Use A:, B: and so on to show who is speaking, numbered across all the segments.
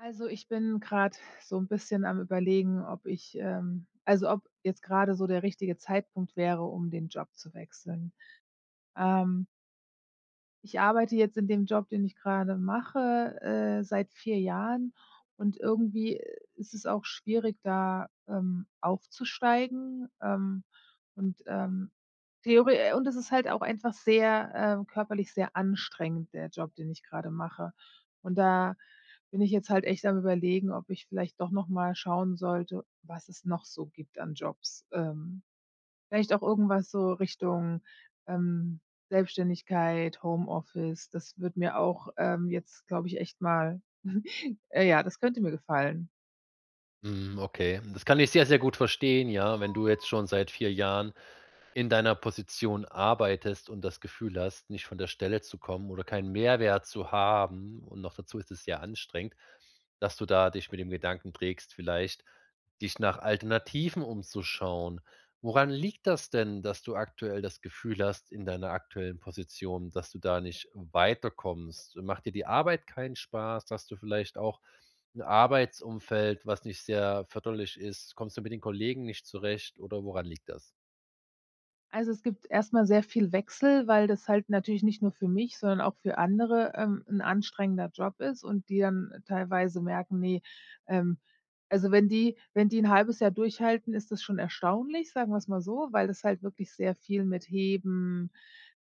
A: Also, ich bin grade so 'n bisschen am Überlegen, ob ich ähm, also, ob jetzt grade so der richtige Zeitpunkt wäre, um den Job zu wechseln, ähm. Ich arbeite jetzt in dem Job, den ich grade mache, äh, seit 4 Jahren und irgendwie ist es auch schwierig, da, ähm, aufzusteigen. Ähm, und ähm, theore und es ist halt auch einfach sehr äh, körperlich sehr anstrengend, der Job, den ich grade mache. Und da bin ich jetzt halt echt am Überlegen, ob ich vielleicht doch noch mal schauen sollte, was es noch so gibt an Jobs, ähm, vielleicht auch irgendwas so Richtung, ähm, Selbstständigkeit, Homeoffice. Das würde mir auch, ähm, jetzt, glaube ich, echt mal äh ja, das könnte mir gefallen.
B: Mhm, okay, das kann ich sehr, sehr gut verstehen, ja, wenn du jetzt schon seit 4 Jahren in deiner Position arbeitest und das Gefühl hast, nicht von der Stelle zu kommen oder keinen Mehrwert zu haben, und noch dazu ist es sehr anstrengend, dass du da dich mit dem Gedanken trägst, vielleicht dich nach Alternativen umzuschauen. Woran liegt das denn, dass du aktuell das Gefühl hast, in deiner aktuellen Position, dass du da nicht weiterkommst? Macht dir die Arbeit keinen Spaß, hast du vielleicht auch 'n Arbeitsumfeld, was nicht sehr förderlich ist? Kommst du mit den Kollegen nicht zurecht, oder woran liegt das?
A: Also, es gibt erstmal sehr viel Wechsel, weil das halt natürlich nicht nur für mich, sondern auch für andere, ähm, 'n anstrengender Job ist und die dann teilweise merken, ne, ähm also, wenn die wenn die 'n 0,5 Jahr durchhalten, ist das schon erstaunlich, sagen wir's mal so, weil das halt wirklich sehr viel mit Heben,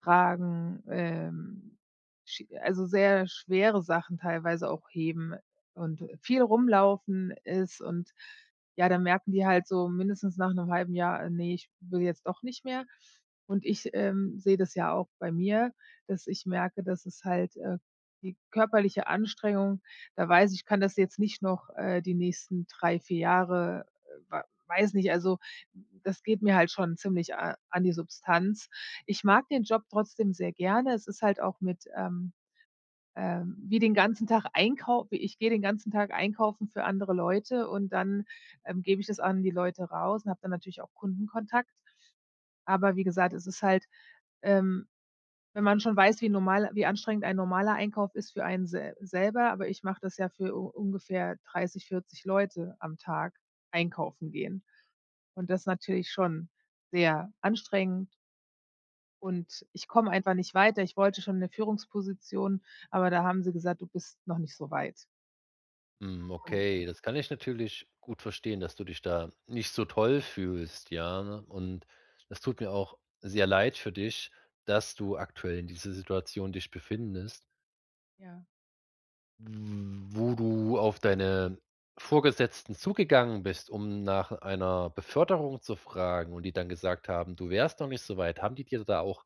A: Tragen, ähm, Sch also sehr schwere Sachen teilweise auch heben und, äh, viel rumlaufen ist und, ja, da merken die halt so mindestens nach 'nem 0,5 Jahr, äh, ne, ich will jetzt doch nicht mehr. Und ich, ähm, sehe das ja auch bei mir, dass ich merke, dass es halt äh, die körperliche Anstrengung, da weiß ich, ich kann das jetzt nicht noch, äh, die nächsten 3, 4 Jahre, äh, wa weiß nicht, also, das geht mir halt schon ziemlich a an die Substanz. Ich mag den Job trotzdem sehr gerne. Es ist halt auch mit ähm, ähm, wie den ganzen Tag einkaufen. Ich gehe den ganzen Tag einkaufen für andere Leute. Und dann, ähm, gebe ich das an die Leute raus und habe dann natürlich auch Kundenkontakt. Aber, wie gesagt, es ist halt ähm, wenn man schon weiß, wie normal wie anstrengend ein normaler Einkauf ist für einen se selber. Aber ich mache das ja für u ungefähr 30, 40 Leute am Tag, einkaufen gehen. Und das ist natürlich schon sehr anstrengend. Und ich komme einfach nicht weiter. Ich wollte schon 'ne Führungsposition, aber da haben sie gesagt: „Du bist noch nicht so weit.“
B: Mhm.
A: Und
B: Okay, das kann ich natürlich gut verstehen, dass du dich da nicht so toll fühlst. Ja, und das tut mir auch sehr leid für dich, dass du aktuell in dieser Situation dich befindest.
A: Ja.
B: Wo du auf deine Vorgesetzten zugegangen bist, um nach einer Beförderung zu fragen und die dann gesagt haben, du wärst noch nicht so weit. Haben die dir da auch,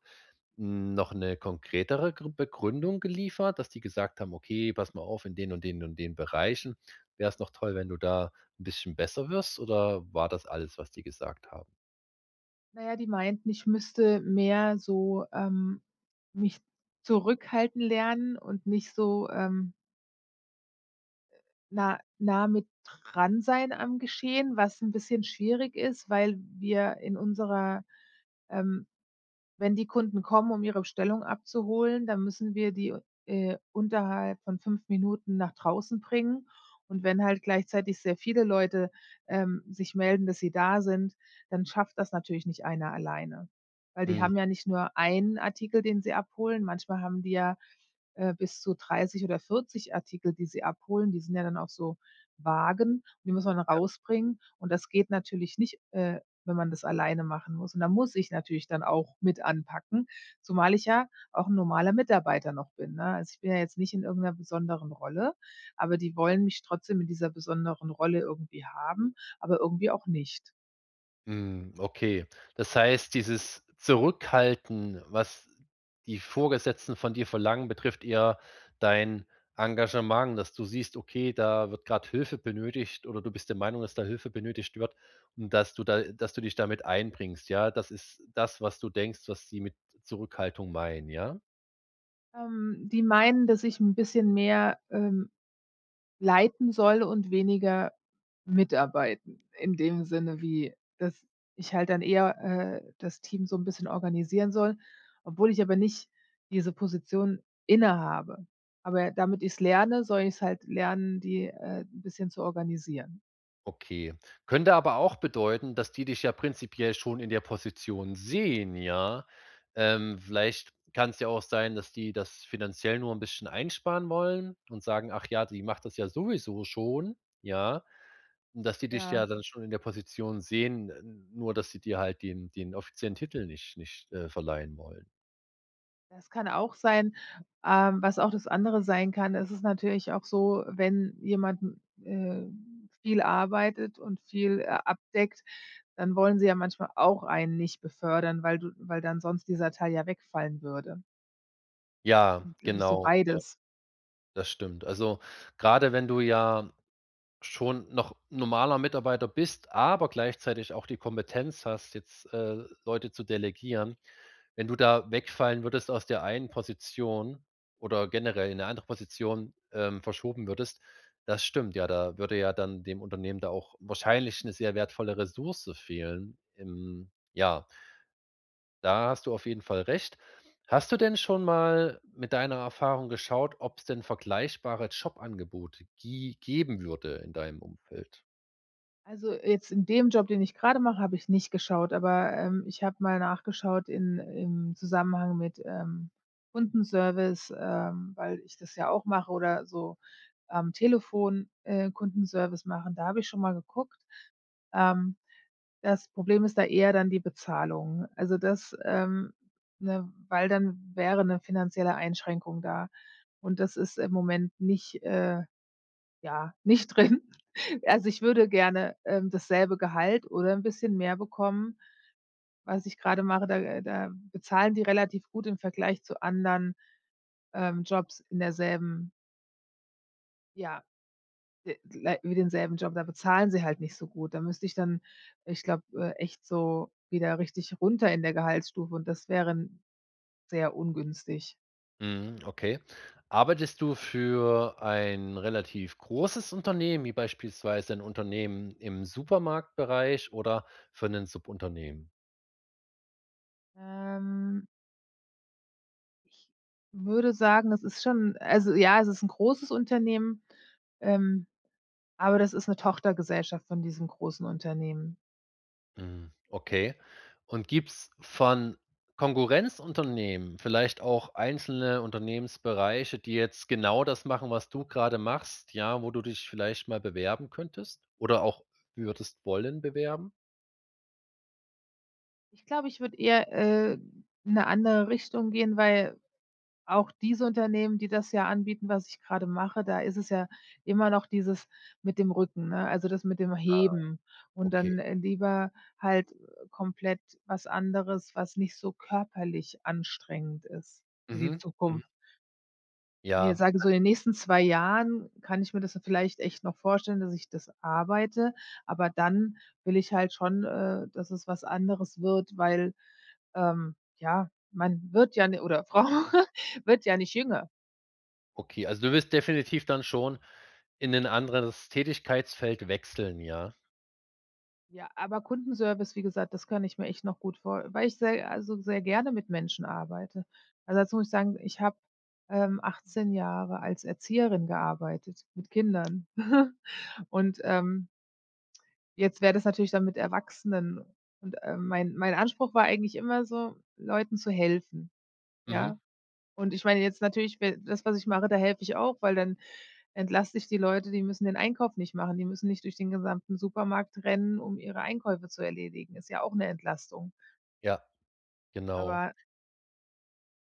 B: hm, noch 'ne konkretere Gr Begründung geliefert, dass die gesagt haben: „Okay, pass mal auf, in den und den und den Bereichen wäre es noch toll, wenn du da 'n bisschen besser wirst.“ Oder war das alles, was die gesagt haben?
A: Na ja, die meinten, ich müsste mehr so, ähm, mich zurückhalten lernen und nicht so, ähm äh, nah nah mit dran sein am Geschehen, was 'n bisschen schwierig ist, weil wir in unserer, ähm wenn die Kunden kommen, um ihre Bestellung abzuholen, dann müssen wir die, äh, unterhalb von 5 Minuten nach draußen bringen. Und wenn halt gleichzeitig sehr viele Leute, ähm, sich melden, dass sie da sind, dann schafft das natürlich nicht einer alleine. Weil die
B: Mhm.
A: haben ja nicht nur 1 Artikel, den sie abholen, manchmal haben wir, äh, bis zu 30 oder 40 Artikel, die sie abholen. Die sind ja dann auch so Wagen, die muss man
B: Ja.
A: rausbringen. Und das geht natürlich nicht, äh, wenn man das alleine machen muss. Und da muss ich natürlich dann auch mit anpacken, zumal ich ja auch 'n normaler Mitarbeiter noch bin. Ne, also, ich bin ja jetzt nicht in irgend 'ner besonderen Rolle, aber die wollen mich trotzdem in dieser besonderen Rolle irgendwie haben, aber irgendwie auch nicht.
B: Mhm, okay. Das heißt, dieses Zurückhalten, was die Vorgesetzten von dir verlangen, betrifft eher dein Engagement, dass du siehst, okay, da wird gerade Hilfe benötigt oder du bist der Meinung, dass da Hilfe benötigt wird. Und dass du da äh, dass du dich da mit einbringst. Ja, das ist das, was du denkst, was sie mit Zurückhaltung meinen. Ja?
A: Ähm, die meinen, dass ich 'n bisschen mehr, ähm, leiten soll und weniger mitarbeiten in dem Sinne wie dass ich halt dann eher, äh, das Team so 'n bisschen organisieren soll, obwohl ich aber nicht diese Position inne habe. Aber damit ich's lerne, soll ich's halt lernen, die, äh, 'n bisschen zu organisieren.
B: Okay, könnte aber auch bedeuten, dass die dich ja prinzipiell schon in der Position sehen, ja? Ähm, vielleicht kann's ja auch sein, dass die das finanziell nur 'n bisschen einsparen wollen und sagen: „Ach ja, die macht das ja sowieso schon.“ Ja? Und, dass die dich
A: Ja.
B: ja dann schon in der Position sehen. N nur dass sie dir halt den den offiziellen Titel nicht nicht, äh, verleihen wollen.
A: Das kann auch sein. Ähm, was auch das andere sein kann. Es ist natürlich auch so, wenn jemand n äh, viel arbeitet und viel, äh, abdeckt, dann wollen sie ja manchmal auch einen nicht befördern, weil du weil dann sonst dieser Teil ja wegfallen würde.
B: Ja,
A: Ich glaube, ist so
B: genau, ja.
A: beides.
B: Das stimmt, also grade wenn du ja schon noch normaler Mitarbeiter bist, aber gleichzeitig auch die Kompetenz hast, jetzt, äh, Leute zu delegieren. Wenn du da wegfallen würdest, aus der einen Position oder generell in 'ne andere Position, ähm, verschoben würdest, das stimmt ja, da würde ja dann dem Unternehmen da auch wahrscheinlich 'ne sehr wertvolle Ressource fehlen im ja. Da hast du auf jeden Fall recht. Hast du denn schon mal mit deiner Erfahrung geschaut, ob's denn vergleichbare Jobangebote gie geben würde in deinem Umfeld?
A: Also, jetzt in dem Job, den ich grade mache, habe ich nicht geschaut. Aber, ähm, ich habe mal nachgeschaut in im Zusammenhang mit, ähm, Kundenservice, ähm, weil ich das ja auch mache oder so am Telefon, äh, Kundenservice machen. Da habe ich schon mal geguckt. Ähm, das Problem ist da eher dann die Bezahlung. Also das ähm, ne, weil dann wäre 'ne finanzielle Einschränkung da. Und das ist im Moment nicht, äh, ja, nicht drin. Also ich würde gerne, ähm, dasselbe Gehalt oder 'n bisschen mehr bekommen. Was ich grade mache, da da bezahlen die relativ gut im Vergleich zu anderen, ähm, Jobs in derselben Ja, d lei wie denselben Job, da bezahlen sie halt nicht so gut. Da müsste ich dann, ich glaube, äh, echt so wieder richtig runter in der Gehaltsstufe und das wären sehr ungünstig.
B: Mhm, okay. Arbeitest du für ein relativ großes Unternehmen, wie beispielsweise 'n Unternehmen im Supermarktbereich oder für 'nen Subunternehmen?
A: Ähm. Ich würde sagen, das ist schon Also ja, es ist 'n großes Unternehmen. Ähm, aber das ist 'ne Tochtergesellschaft von diesem großen Unternehmen.
B: Mhm, okay. Und gibt's von Konkurrenzunternehmen vielleicht auch einzelne Unternehmensbereiche, die jetzt genau das machen, was du gerade machst. Ja, wo du dich vielleicht mal bewerben könntest oder auch würdest wollen bewerben.
A: Ich glaube, ich würde eher, äh, in 'ne andere Richtung gehen, weil auch diese Unternehmen, die das ja anbieten, was ich gerade mache, da ist es ja immer noch dieses mit dem Rücken ne, also das mit dem
B: Ah,
A: Heben und
B: okay.
A: dann, äh, lieber halt, äh, komplett was anderes, was nicht so körperlich anstrengend ist für die
B: Mhm, mhm.
A: Zukunft. Ne,
B: Ja.
A: sage so in den nächsten zwei Jahren kann ich mir das vielleicht echt noch vorstellen, dass ich das arbeite, aber dann will ich halt schon, äh, dass es was anderes wird, weil, ähm, ja, man wird ja oder Frau wird ja nicht jünger.
B: Okay, also, du willst definitiv dann schon in 'nen anderes Tätigkeitsfeld wechseln, ja.
A: Ja, aber Kundenservice, wie gesagt, das kann ich mir echt noch gut vor weil ich se also sehr gerne mit Menschen arbeite. Also, dazu muss ich sagen, ich habe, ähm, 18 Jahre als Erzieherin gearbeitet, mit Kindern und, ähm jetzt wäre das natürlich dann mit Erwachsenen und, ähm, mein mein Anspruch war eigentlich immer so, Leuten zu helfen,
B: Mhm.
A: ja. Und ich meine, jetzt natürlich be das, was ich mache, da helfe ich auch, weil dann entlaste ich die Leute. Die müssen den Einkauf nicht machen, die müssen nicht durch den gesamten Supermarkt rennen, um ihre Einkäufe zu erledigen. Ist ja auch 'ne Entlastung.
B: Ja, genau.
A: Aber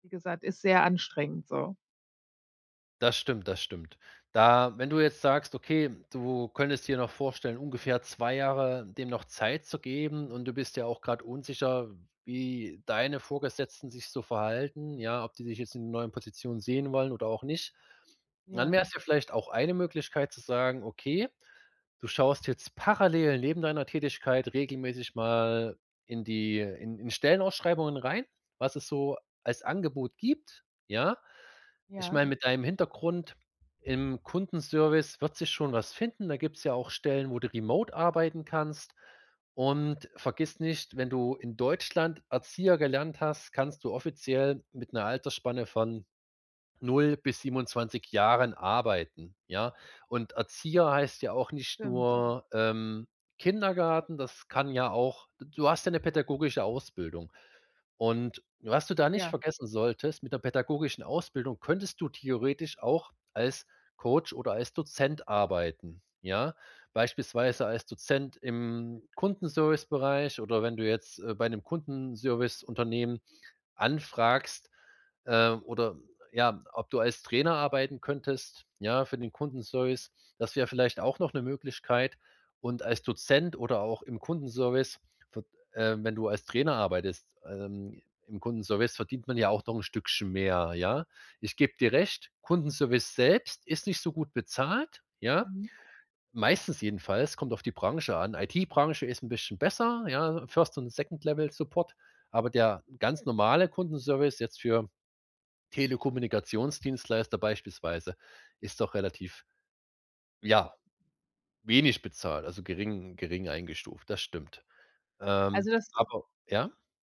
A: wie gesagt, ist sehr anstrengend, so.
B: Das stimmt, das stimmt. Da wenn du jetzt sagst, okay, du könntest dir noch vorstellen, ungefähr 2 Jahre dem noch Zeit zu geben, und du bist ja auch grad unsicher, wie deine Vorgesetzten sich so verhalten, ja, ob die dich jetzt in neuen Positionen sehen wollen oder auch nicht. Dann
A: Ja.
B: wäre es ja vielleicht auch eine Möglichkeit, zu sagen, okay, du schaust jetzt parallel neben deiner Tätigkeit regelmäßig mal in die in in Stellenausschreibungen rein, was es so als Angebot gibt, ja. Ich
A: Ja.
B: meine, mit deinem Hintergrund im Kundenservice wird sich schon was finden. Da gibt's ja auch Stellen, wo du remote arbeiten kannst. Und vergiss nicht, wenn du in Deutschland Erzieher gelernt hast, kannst du offiziell mit 'ner Altersspanne von 0 bis 27 Jahren arbeiten, ja. Und Erzieher heißt ja auch nicht
A: Stimmt.
B: nur, ähm, Kindergarten. Das kann ja auch du hast ja 'ne pädagogische Ausbildung und was du da nicht
A: Ja.
B: vergessen solltest: Mit 'ner pädagogischen Ausbildung könntest du theoretisch auch als Coach oder als Dozent arbeiten, ja, beispielsweise als Dozent im Kundenservicebereich oder wenn du jetzt, äh, bei 'nem Kundenserviceunternehmen anfragst, äh, oder, ja, ob du als Trainer arbeiten könntest, ja, für den Kundenservice. Das wäre vielleicht auch noch 'ne Möglichkeit. Und als Dozent oder auch im Kundenservice v äh, wenn du als Trainer arbeitest, ähm, im Kundenservice verdient man ja auch noch 'n Stückchen mehr, ja? Ich gebe dir recht, Kundenservice selbst ist nicht so gut bezahlt, ja.
A: Mhm.
B: Meistens jedenfalls, kommt auf die Branche an. IT-Branche ist 'n bisschen besser, ja, First und Second-Level-Support. Aber der ganz normale Kundenservice jetzt für Telekommunikationsdienstleister beispielsweise ist doch relativ, ja, wenig bezahlt, also gering gering eingestuft. Das stimmt, ähm,
A: Also das
B: aber ja?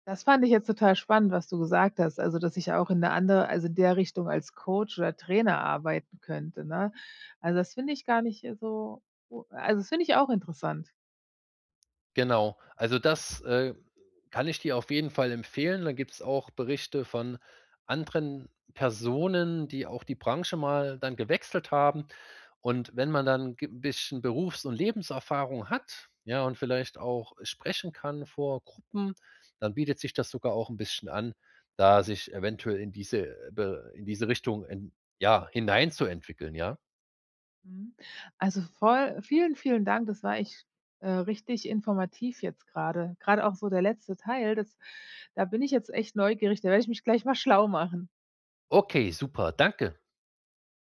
A: das fand ich jetzt total spannend, was du gesagt hast. Also, dass ich auch in 'ne andere also in der Richtung als Coach oder Trainer arbeiten könnte, ne? Also, das finde ich gar nicht, äh, so, o also, das finde ich auch interessant.
B: Genau. Also das, äh, kann ich dir auf jeden Fall empfehlen. Da gibt's auch Berichte von anderen Personen, die auch die Branche mal dann gewechselt haben. Und wenn man dann g bisschen Berufs und Lebenserfahrung hat, ja, und vielleicht auch sprechen kann vor Gruppen, dann bietet sich das sogar auch 'n bisschen an, da sich eventuell in diese, äh, Be in diese Richtung en ja hineinzuentwickeln, ja.
A: Mhm, also voll vielen, vielen Dank. Das war echt, äh, richtig informativ jetzt grade, grade auch so der letzte Teil, das da bin ich jetzt echt neugierig. Da werde ich mich gleich mal schlau machen.
B: Okay, super. Danke.